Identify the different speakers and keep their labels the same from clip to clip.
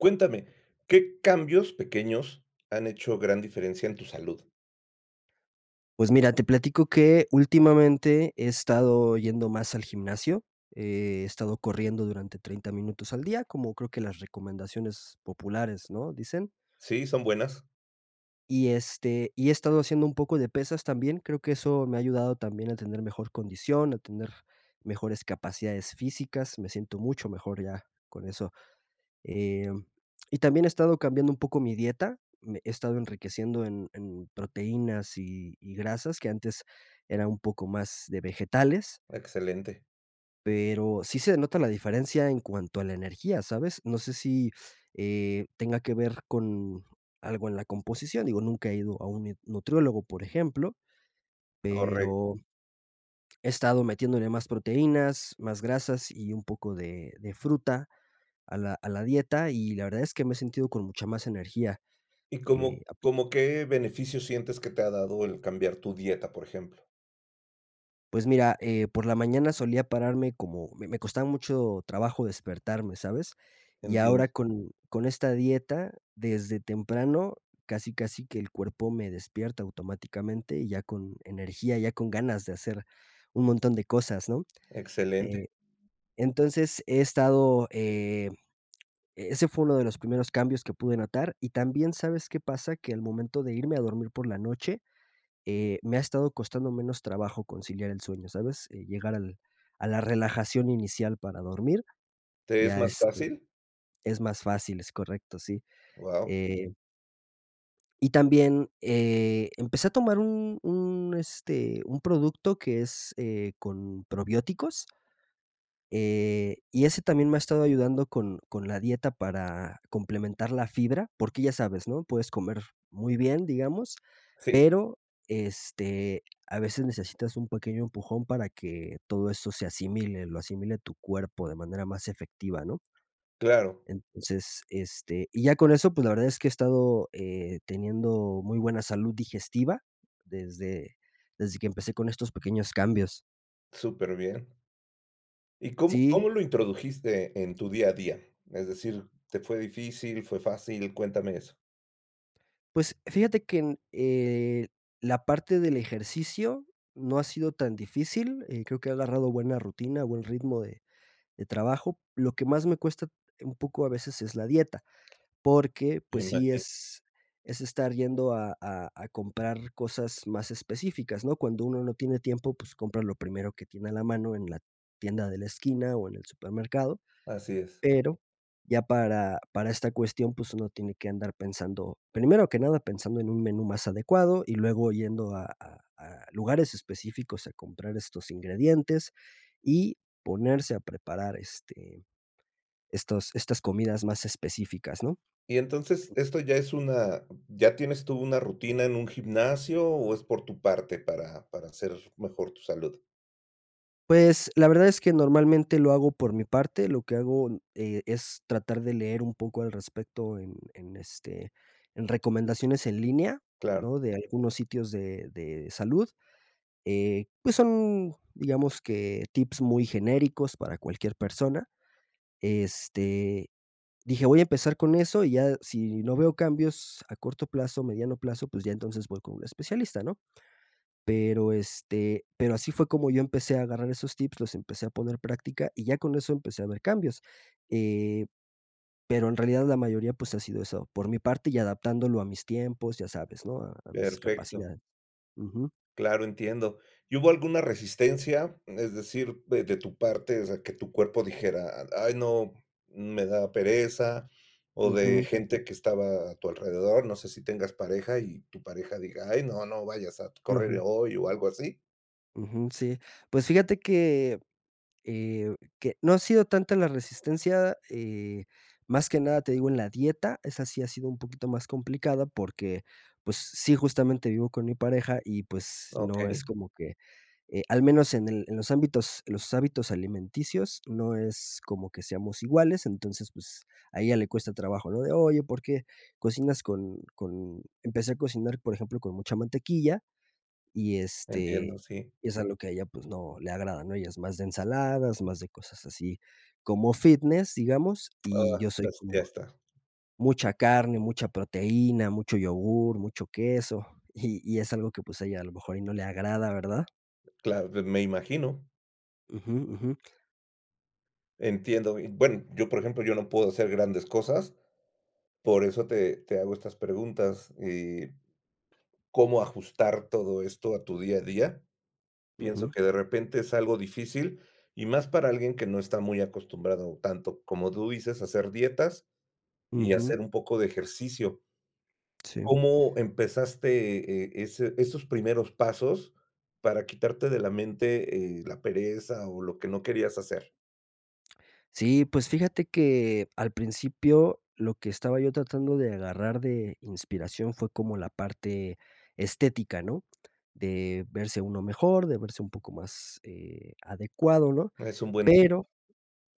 Speaker 1: Cuéntame, ¿qué cambios pequeños han hecho gran diferencia en tu salud?
Speaker 2: Pues mira, te platico que últimamente he estado yendo más al gimnasio, he estado corriendo durante 30 minutos al día, como creo que las recomendaciones populares, ¿no?, dicen.
Speaker 1: Sí, son buenas.
Speaker 2: Y, este, y he estado haciendo un poco de pesas también, creo que eso me ha ayudado también a tener mejor condición, a tener mejores capacidades físicas, me siento mucho mejor ya con eso. Em, y también he estado cambiando un poco mi dieta, me he estado enriqueciendo en en proteínas y y grasas, que antes era un poco más de vegetales.
Speaker 1: Excelente.
Speaker 2: Pero sí se nota la diferencia en cuanto a la energía, ¿sabes?, no sé sí, eh, tenga que ver con algo en la composición, digo, nunca he ido a un ne nutriólogo, por ejemplo,
Speaker 1: Correcto.
Speaker 2: pero, he estado metiéndole más proteínas, más grasas y un poco de de fruta a la a la dieta y la verdad es que me he sentido con mucha más energía,
Speaker 1: ¿Y
Speaker 2: eh,
Speaker 1: cómo
Speaker 2: ah.
Speaker 1: cómo qué beneficios sientes que te ha dado el cambiar tu dieta, por ejemplo?
Speaker 2: Pues mira, eh, por la mañana solía pararme como me me costaba mucho trabajo despertarme, ¿sabes?, y
Speaker 1: Entiendo.
Speaker 2: ahora con con esta dieta, desde temprano, casi casi que el cuerpo me despierta automáticamente y ya con energía, ya con ganas de hacer un montón de cosas, ¿no?
Speaker 1: Excelente.
Speaker 2: Eh, entonces he estado, eh, e ese fue uno de los primeros cambios que pude notar y también, ¿sabes qué pasa?, que al momento de irme a dormir por la noche, eh, me ha estado costando menos trabajo conciliar el sueño, ¿sabes?, eh llegar al a la relajación inicial para dormir,
Speaker 1: ¿Te es
Speaker 2: ya,
Speaker 1: más
Speaker 2: este,
Speaker 1: fácil?
Speaker 2: es más fácil, es correcto, sí.
Speaker 1: Guau.
Speaker 2: Eh. Y también, eh, empecé a tomar un un, este, un producto que es, eh, con probióticos eh, y ese también me ha estado ayudando con con la dieta para complementar la fibra, porque ya sabes, ¿no? Puedes comer muy bien, digamos,
Speaker 1: Sí.
Speaker 2: pero, este, a veces necesitas un pequeño empujón para que todo eso se asimile, lo asimile tu cuerpo de manera más efectiva, ¿no?
Speaker 1: Claro.
Speaker 2: Entonces, este, y ya con eso, pues, la verdad es que he estado, eh, teniendo muy buena salud digestiva desde desde que empecé con estos pequeños cambios.
Speaker 1: Superbien. ¿Y cómo cómo
Speaker 2: Sí.
Speaker 1: lo introdujiste en tu día a día? Es decir, ¿te fue difícil, fue fácil? Cuéntame eso.
Speaker 2: Pues fíjate que en, eh, la parte del ejercicio no ha sido tan difícil, eh, creo que ha agarrado buena rutina, buen ritmo de de trabajo. Lo que más me cuesta un poco a veces es la dieta, porque
Speaker 1: Me
Speaker 2: pues sí
Speaker 1: imagino.
Speaker 2: es es estar yendo a a a comprar cosas más específicas, ¿no? Cuando uno no tiene tiempo, pues compra lo primero que tiene a la mano en la tienda de la esquina o en el supermercado,
Speaker 1: Así es.
Speaker 2: pero ya para para esta cuestión pues uno tiene que andar pensando. Primero que nada pensando en un menú más adecuado y luego yendo a a a lugares específicos a comprar estos ingredientes y ponerse a preparar, este, estos estas comidas más específicas, ¿no?
Speaker 1: Y entonces esto ya es una, ¿ya tienes tú una rutina en un gimnasio o es por tu parte para para hacer mejor tu salud?
Speaker 2: Pues, la verdad es que normalmente lo hago por mi parte, lo que hago, n eh, es tratar de leer un poco al respecto en en, este, en recomendaciones en línea,
Speaker 1: Claro.
Speaker 2: ¿no? De algunos sitios de de salud. Eh, pues son, digamos, que tips muy genéricos para cualquier persona. Este, dije: "Voy a empezar con eso y ya si no veo cambios a corto plazo, mediano plazo, pues ya entonces voy con un especialista", ¿no? Pero, este, pero así fue como yo empecé a agarrar esos tips, los empecé a poner práctica y ya con eso empecé a ver cambios, eh, pero en realidad la mayoría, pues, ha sido eso, por mi parte y adaptándolo a mis tiempos, ya sabes, ¿no? A a mis
Speaker 1: Perfecto.
Speaker 2: capacidades. Ujú.
Speaker 1: Claro, entiendo, ¿y hubo alguna resistencia? Es decir, de de tu parte, o sea, que tu cuerpo dijera: "Ay no, me da pereza", o de
Speaker 2: Ujú, ujú.
Speaker 1: gente que estaba a tu alrededor, no sé si tengas pareja, y tu pareja diga: "Ay no, no vayas a t correr
Speaker 2: Ujú.
Speaker 1: hoy, o algo así".
Speaker 2: Ujú, sí, pues fíjate que, eh, que, no ha sido tanta la resistencia, eh, más que nada te digo en la dieta. Esa sí ha sido un poquito más complicada, porque pues sí, justamente vivo con mi pareja y pues no
Speaker 1: Okey.
Speaker 2: es como que, eh, al menos en el en los ámbitos los hábitos alimenticios no es como que seamos iguales, entonces pues a ella le cuesta trabajo, lo de oye porque cocinas con con empecé a cocinar por ejemplo, con mucha mantequilla y
Speaker 1: Entiendo,
Speaker 2: este
Speaker 1: sí.
Speaker 2: y es algo que a ella pues no le agrada, ¿no? Ella es más de ensaladas, más de cosas así. Como fitness, digamos, y
Speaker 1: Oh,
Speaker 2: yo soy
Speaker 1: s Ya
Speaker 2: como
Speaker 1: está.
Speaker 2: mucha carne, mucha proteína, mucho yogur, mucho queso, y y es algo que pues a ella a lo mejor y no le agrada, ¿verdad?
Speaker 1: Claro. De me imagino.
Speaker 2: Ujú, ujú.
Speaker 1: Entiendo, y bueno, yo por ejemplo, yo no puedo hacer grandes cosas, por eso te te hago estas preguntas, eh, ¿cómo ajustar todo esto a tu día a día? Pienso
Speaker 2: Ujú.
Speaker 1: que de repente es algo difícil, y más para alguien que no está muy acostumbrado tanto como tú dices, a hacer dietas y
Speaker 2: Ujú.
Speaker 1: hacer un poco de ejercicio.
Speaker 2: Sí.
Speaker 1: ¿Cómo empezaste, eh, ese esos primeros pasos, para quitarte de la mente, eh, la pereza o lo que no querías hacer?
Speaker 2: Sí, pues, fíjate que al principio lo que estaba yo tratando de agarrar de inspiración fue como la parte estética, ¿no? De verse uno mejor, de verse un poco más, eh, adecuado, ¿no?
Speaker 1: Es un buen tip.
Speaker 2: Pero,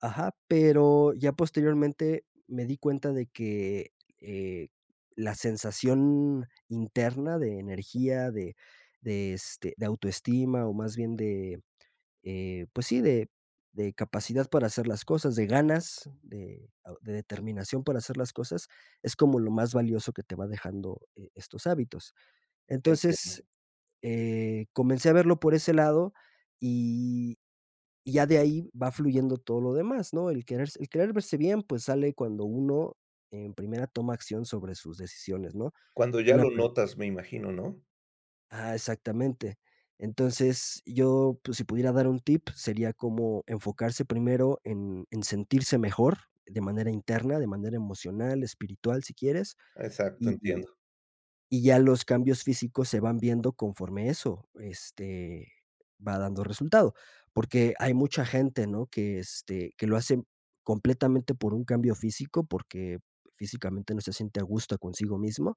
Speaker 2: ajá, pero, ya posteriormente me di cuenta de que, eh, la sensación interna de energía, de de este, de autoestima, o más bien de, eh, pues sí, de de capacidad para hacer las cosas, de ganas, de de determinación para hacer las cosas, es como lo más valioso que te va dejando, eh, estos hábitos. Entonces,
Speaker 1: Entiendo.
Speaker 2: eh, comencé a verlo por ese lado y y ya de ahí va fluyendo todo lo demás, ¿no? El querer s el querer verse bien, pues, sale cuando uno en primera toma acción sobre sus decisiones, ¿no?
Speaker 1: Cuando ya
Speaker 2: Una
Speaker 1: lo
Speaker 2: per
Speaker 1: notas me imagino, ¿no?
Speaker 2: ah, exactamente. Entonces, yo, pues, si pudiera dar un tip, sería como enfocarse primero en en sentirse mejor de manera interna, de manera emocional, espiritual, si quieres,
Speaker 1: Exacto,
Speaker 2: y y
Speaker 1: entiendo.
Speaker 2: y ya los cambios físicos se van viendo conforme eso, este, va dando resultado. Porque, hay mucha gente, ¿no? Que, este, que lo hace completamente por un cambio físico, porque, físicamente no se siente a gusto consigo mismo.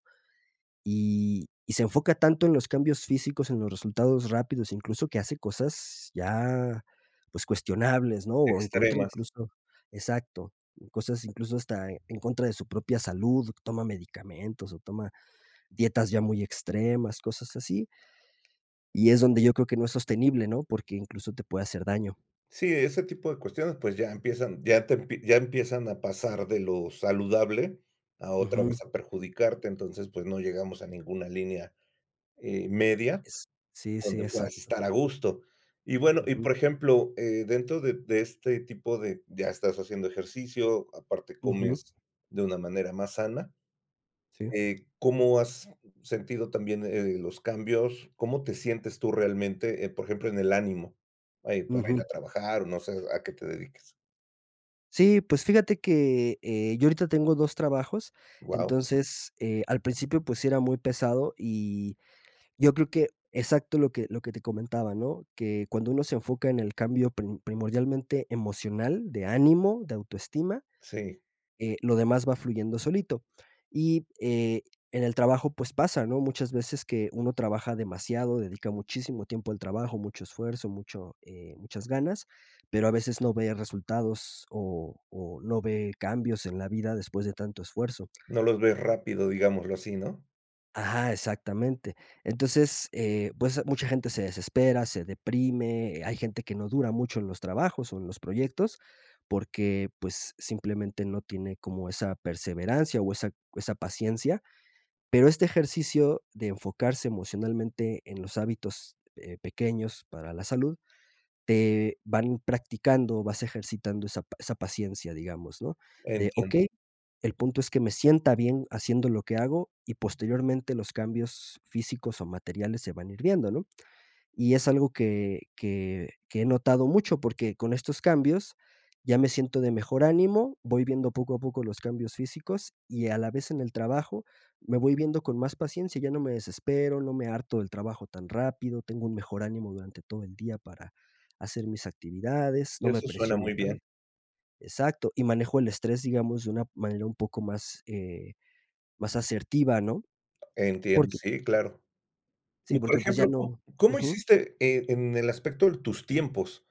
Speaker 2: Y y se enfoca tanto en los cambios físicos, en los resultados rápidos, incluso que hace cosas ya, pues, cuestionables, ¿no? O en contra
Speaker 1: Extremas.
Speaker 2: incluso, exacto. Cosas incluso hasta en contra de su propia salud, toma medicamentos o toma dietas ya muy extremas, cosas así. Y es donde yo creo que no es sostenible, ¿no? Porque, incluso te puede hacer daño.
Speaker 1: Sí, ese tipo de cuestiones, pues, ya empiezan ya te ya empiezan a pasar de lo saludable a otra vez
Speaker 2: Ujú.
Speaker 1: perjudicarte, entonces, pues, no llegamos a ninguna línea, eh, media,
Speaker 2: Es sí, sí,
Speaker 1: donde puedas
Speaker 2: exacto.
Speaker 1: estar a gusto y bueno, y
Speaker 2: Ujú.
Speaker 1: por ejemplo, eh, dentro de de este tipo de ya estás haciendo ejercicio, aparte
Speaker 2: Ujú.
Speaker 1: comes de una manera más sana,
Speaker 2: Sí.
Speaker 1: eh, ¿cómo has sentido también, eh, los cambios? ¿Cómo te sientes tú realmente, por ejemplo, eh, en el ánimo? Eh, para ir a
Speaker 2: Ujú.
Speaker 1: trabajar, no sé a qué te dediques.
Speaker 2: Sí, pues fíjate que, eh, yo ahorita tengo 2 trabajos,
Speaker 1: Wao.
Speaker 2: entonces, eh, al principio, pues, sí era muy pesado, y yo creo que exacto lo que lo que te comentaba, ¿no?, que cuando uno se enfoca en el cambio pri primordialmente emocional, de ánimo, de autoestima,
Speaker 1: Sí.
Speaker 2: eh, lo demás va fluyendo solito. Y, eh, en el trabajo, pues, pasa, ¿no?, muchas veces que uno trabaja demasiado, dedica muchísimo tiempo al trabajo, mucho esfuerzo, mucho, eh, muchas ganas, pero a veces no ve resultados o o no ve cambios en la vida después de tanto esfuerzo.
Speaker 1: No los ves rápido, digámoslo así, ¿no?
Speaker 2: Ajá, exactamente. Entonces, eh, pues, mucha gente se desespera, se deprime, hay gente que no dura mucho en los trabajos o en los proyectos, porque, pues, simplemente no tiene como esa perseverancia o esa esa paciencia. Pero este ejercicio de enfocarse emocionalmente en los hábitos, eh, pequeños para la salud, te van practicando, vas ejercitando esa pa esa paciencia, digamos, ¿no?, de
Speaker 1: Entiendo.
Speaker 2: okey, el punto es que me sienta bien haciendo lo que hago y posteriormente los cambios físicos o materiales se van a ir viendo, ¿no? Y es algo que que que he notado mucho, porque con estos cambios ya me siento de mejor ánimo, voy viendo poco a poco los cambios físicos y a la vez en el trabajo me voy viendo con más paciencia, ya no me desespero, no me harto del trabajo tan rápido, tengo un mejor ánimo durante todo el día para hacer mis actividades, no me
Speaker 1: Eso suena
Speaker 2: presiono
Speaker 1: muy bien.
Speaker 2: tanto. Exacto, y manejo el estrés, digamos, de una manera un poco más, eh, más, asertiva, ¿no?
Speaker 1: Entiendo,
Speaker 2: Porque
Speaker 1: sí claro.
Speaker 2: sí,
Speaker 1: Y por
Speaker 2: porque, pues, ya
Speaker 1: ejemplo, ¿cómo
Speaker 2: no
Speaker 1: cómo
Speaker 2: Ujú.
Speaker 1: hiciste, eh, en el aspecto de tus tiempos?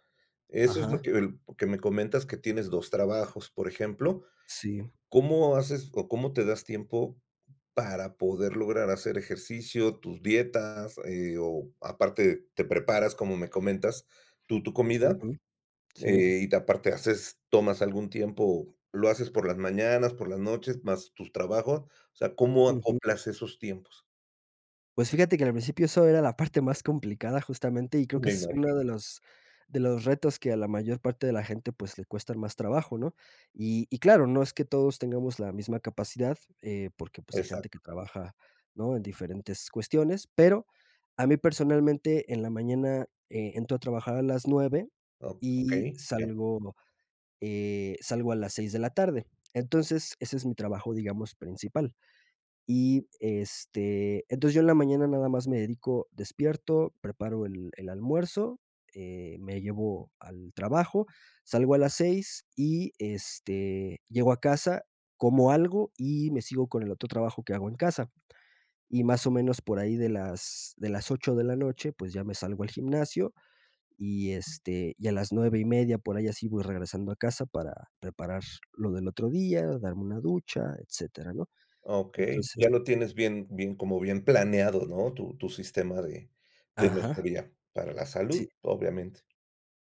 Speaker 1: Eso es lo
Speaker 2: Ajá.
Speaker 1: que el que me comentas que tienes 2 trabajos, por ejemplo,
Speaker 2: Sí.
Speaker 1: ¿cómo haces o cómo te das tiempo para poder lograr hacer ejercicio, tus dietas, eh, o aparte te preparas, como me comentas, tu tu comida?
Speaker 2: Ujú. Sí.
Speaker 1: Eh, y ¿te aparte haces tomas algún tiempo, lo haces por las mañanas, por las noches, más tus trabajos? O sea, ¿cómo
Speaker 2: Ujú.
Speaker 1: acoplas esos tiempos?
Speaker 2: Pues, fíjate que en el principio eso era la parte más complicada justamente, y creo que
Speaker 1: Me
Speaker 2: es uno
Speaker 1: imagino.
Speaker 2: de los de los retos que a la mayor parte de la gente, pues, le cuestan más trabajo, ¿no? Y y claro, no es que todos tengamos la misma capacidad, eh, porque, pues, hay gente que
Speaker 1: Exacto.
Speaker 2: trabaja, ¿no? En diferentes cuestiones, pero a mí personalmente en la mañana, eh, entro a trabajar a las 9
Speaker 1: Okey, okey,
Speaker 2: y
Speaker 1: ya.
Speaker 2: salgo, eh, salgo a las 6 de la tarde. Entonces, ese es mi trabajo, digamos, principal. Y, este, entonces yo en la mañana nada más me dedico despierto, preparo el el almuerzo, eh, me llevo al trabajo, salgo a las 6 y, este, llego a casa, como algo y me sigo con el otro trabajo que hago en casa. Y más, o, menos por ahí de las de las 8 de la noche, pues, ya me salgo al gimnasio y, este, y a las 9 y media por ahí así voy regresando a casa para preparar lo del otro día, darme una ducha, etcétera, ¿no?
Speaker 1: Okey,
Speaker 2: Entonces.
Speaker 1: ya lo tienes bien bien como bien planeado, ¿no? Tu tu sistema de de
Speaker 2: Ajá.
Speaker 1: mejoría para la
Speaker 2: Sí.
Speaker 1: salud, obviamente.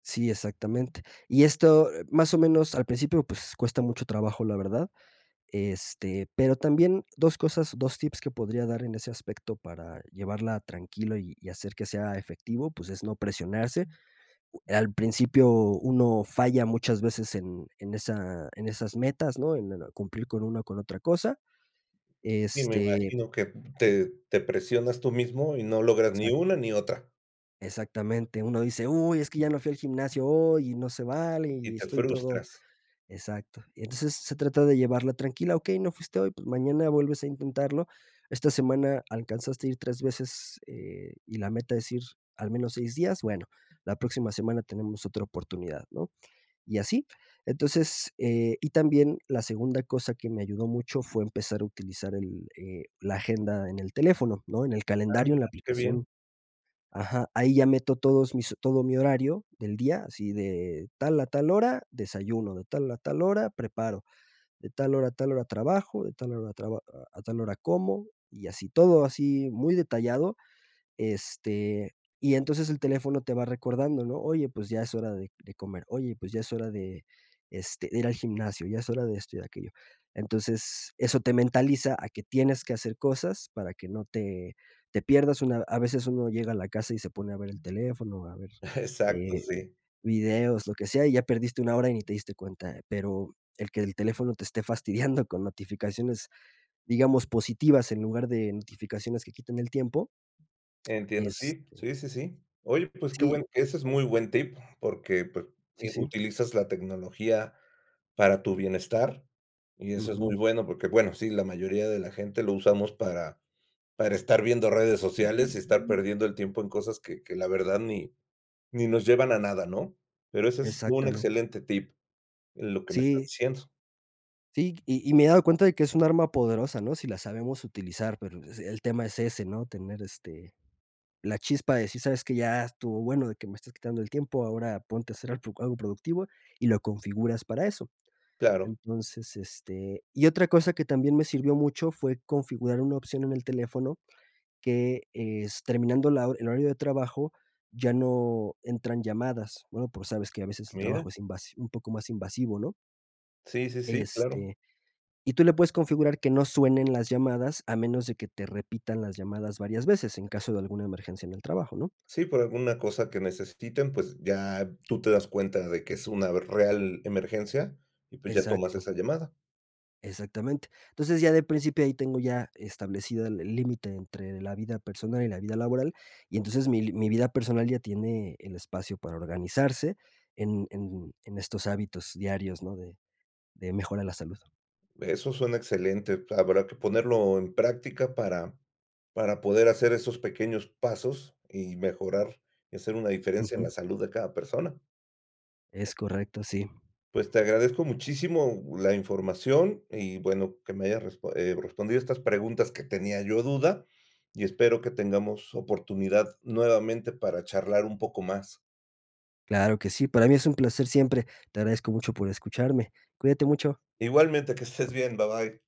Speaker 2: Sí, exactamente. Y esto más o menos al principio cuesta mucho trabajo la verdad, este, pero también 2 cosas, 2 tips que podría dar en ese aspecto para llevarla tranquilo y hacer que sea efectivo, pues es no presionarse, al principio uno falla muchas veces en en esas metas en cumplir con una u otra cosa,
Speaker 1: Y me
Speaker 2: este.
Speaker 1: imagino que te te presionas tú mismo, y no logras ni
Speaker 2: Exacto.
Speaker 1: una ni otra.
Speaker 2: Exactamente, uno dice: "Uy, es que ya no fui al gimnasio hoy, y no se vale,
Speaker 1: Y
Speaker 2: y
Speaker 1: te
Speaker 2: estoy todo"
Speaker 1: frustras.
Speaker 2: exacto. Y entonces se trata de llevarla tranquila, okey, no fuiste hoy, pues mañana vuelves a intentarlo. Esta semana alcanzaste ir 3 veces, eh, y la meta es ir al menos 6 días, bueno, la próxima semana tenemos otra oportunidad, ¿no? Y así. Entonces, eh, y también la segunda cosa que me ayudó mucho fue empezar a utilizar el eh, la agenda en el teléfono, ¿no? En el
Speaker 1: Ah
Speaker 2: calendario, en la
Speaker 1: mira, qué bien.
Speaker 2: aplicación. Ajá, ahí ya meto todos mis todo mi horario del día, así de tal a tal hora, desayuno, de tal a tal hora, preparo, de tal hora a tal hora trabajo, de tal hora traba a a tal hora como, y así todo así muy detallado, este, y entonces el teléfono te va recordando, ¿no? Oye, pues ya es hora de de comer, oye, pues ya es hora de, este, de ir al gimnasio, ya es hora de esto y de aquello. Entonces, eso te mentaliza a que tienes que hacer cosas para que no te te pierdas una a veces uno llega a la casa y se pone a ver el teléfono, a ver,
Speaker 1: Exacto,
Speaker 2: eh,
Speaker 1: sí.
Speaker 2: videos, lo que sea, y ya perdiste una hora y ni te diste cuenta. Pero el que el teléfono te esté fastidiando con notificaciones, digamos, positivas en lugar de notificaciones que quiten el tiempo.
Speaker 1: Entiendo, sí,
Speaker 2: Este.
Speaker 1: sí, sí, sí. Oye, pues, qué
Speaker 2: Sí.
Speaker 1: bueno, ese es muy buen tip porque, pues,
Speaker 2: Sí,
Speaker 1: eh,
Speaker 2: sí.
Speaker 1: utilizas la tecnología para tu bienestar, y eso es
Speaker 2: Ujú.
Speaker 1: muy bueno. Porque, bueno, sí, la mayoría de la gente lo usamos para para estar viendo redes sociales, y estar perdiendo el tiempo en cosas que que la verdad ni ni nos llevan a nada, ¿no? Pero ese es un
Speaker 2: Exactamente.
Speaker 1: excelente tip en lo que me estás
Speaker 2: Sí.
Speaker 1: diciendo.
Speaker 2: Sí, y y me he dado cuenta de que es un arma poderosa, ¿no? Sí la sabemos utilizar, pero el tema es ese, ¿no? Tener, este, la chispa de decir: "¿Sabes qué?". Ya estuvo bueno de que me estás quitando el tiempo, ahora ponte a hacer algo algo productivo y lo configuras para eso.
Speaker 1: Claro.
Speaker 2: Entonces, este, y otra cosa que también me sirvió mucho fue configurar una opción en el teléfono que es terminando la hor el horario de trabajo ya no entran llamadas, bueno, pues, sabes que a veces el
Speaker 1: Mira.
Speaker 2: trabajo es invas un poco más invasivo, ¿no?
Speaker 1: Sí, sí, sí, claro.
Speaker 2: Este. Y tú le puedes configurar que no suenen las llamadas a menos de que te repitan las llamadas varias veces, en caso de alguna emergencia en el trabajo, ¿no?
Speaker 1: Sí, por alguna cosa que necesiten, pues, ya tú te das cuenta de que es una real emergencia y, pues, ya tomas
Speaker 2: Exacto.
Speaker 1: esa llamada.
Speaker 2: Exactamente. Entonces, ya de principio ahí tengo ya establecido el el límite entre la vida personal y la vida laboral, y entonces mi mi vida personal ya tiene el espacio para organizarse en en en estos hábitos diarios, ¿no? De de mejora la salud.
Speaker 1: Eso suena excelente, habrá que ponerlo en práctica para para poder hacer esos pequeños pasos, y mejorar hacer una diferencia en la
Speaker 2: Ujú.
Speaker 1: salud de cada persona.
Speaker 2: Es correcto, sí.
Speaker 1: Pues te agradezco muchísimo la información, y bueno que me haya resp eh, respondido estas preguntas que tenía yo duda, y espero que tengamos oportunidad nuevamente para charlar un poco más.
Speaker 2: Claro que sí, para mí es un placer siempre. Te agradezco mucho por escucharme. Cuídate mucho.
Speaker 1: Igualmente, que estés bien, bye, bye.